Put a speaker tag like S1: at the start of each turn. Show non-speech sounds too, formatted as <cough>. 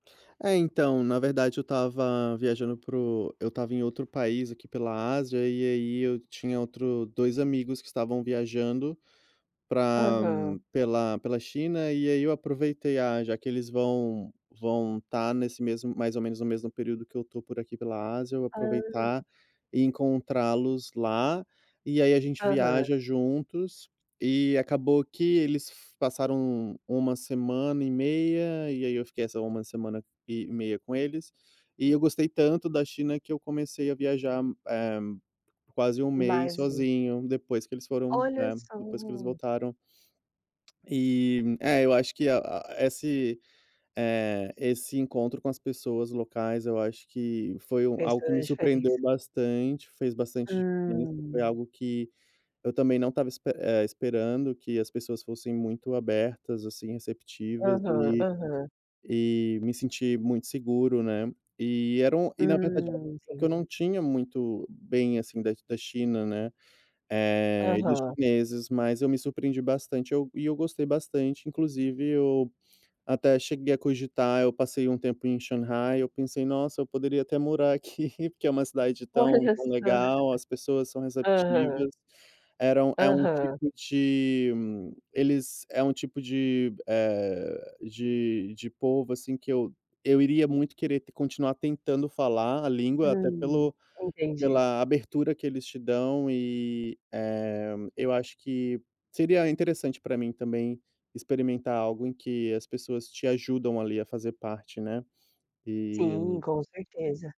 S1: É, então, na verdade eu estava viajando para o eu estava em outro país aqui pela Ásia, e aí eu tinha outro 2 amigos que estavam viajando para
S2: Aham.
S1: pela pela China, e aí eu aproveitei, "ah, já que eles vão vão estar nesse mesmo mais ou menos no mesmo período que eu estou por aqui pela Ásia, eu
S2: Ah.
S1: aproveitar e encontrá-los lá. E aí a gente
S2: Aham.
S1: viaja juntos". E acabou que eles f passaram 1 semana e meia, e aí eu fiquei essa 1 semana e meia com eles, e eu gostei tanto da China que eu comecei a viajar, eh, quase 1 mês
S2: Mais um.
S1: sozinho, depois que eles foram,
S2: Olha
S1: né depois que eles
S2: só.
S1: voltaram. E, é, eu acho que a a esse, eh, esse encontro com as pessoas locais, eu acho que foi um
S2: Fez
S1: algo que
S2: toda
S1: me surpreendeu
S2: diferença.
S1: bastante, fez bastante diferença,
S2: Hum.
S1: foi algo que eu também não estava esp eh, esperando, que as pessoas fossem muito abertas assim, receptivas,
S2: Aham,
S1: e
S2: aham.
S1: e me senti muito seguro, né, e eram e na verdade era um
S2: Hum,
S1: impressão que eu
S2: entendi.
S1: não tinha muito bem, assim, da da China, né, eh, e dos
S2: Aham.
S1: chineses, mas eu me surpreendi bastante, eu e eu gostei bastante, inclusive eu até cheguei a cogitar, eu passei um tempo em Shanghai, eu pensei: "Nossa, eu poderia até morar aqui", porque é uma cidade tão
S2: Olha
S1: tão
S2: só.
S1: legal, as pessoas são
S2: <laughs> Aham.
S1: receptivas, era um é um
S2: Aham.
S1: tipo de eles é um tipo de, eh, de de povo assim, que eu eu iria muito querer continuar tentando falar a língua, até
S2: Hum,
S1: pelo
S2: entendi.
S1: pela abertura que eles te dão, e, eh, eu acho que seria interessante para mim também, experimentar algo em que as pessoas te ajudam, ali, a fazer parte, né,
S2: Sim,
S1: e
S2: com certeza.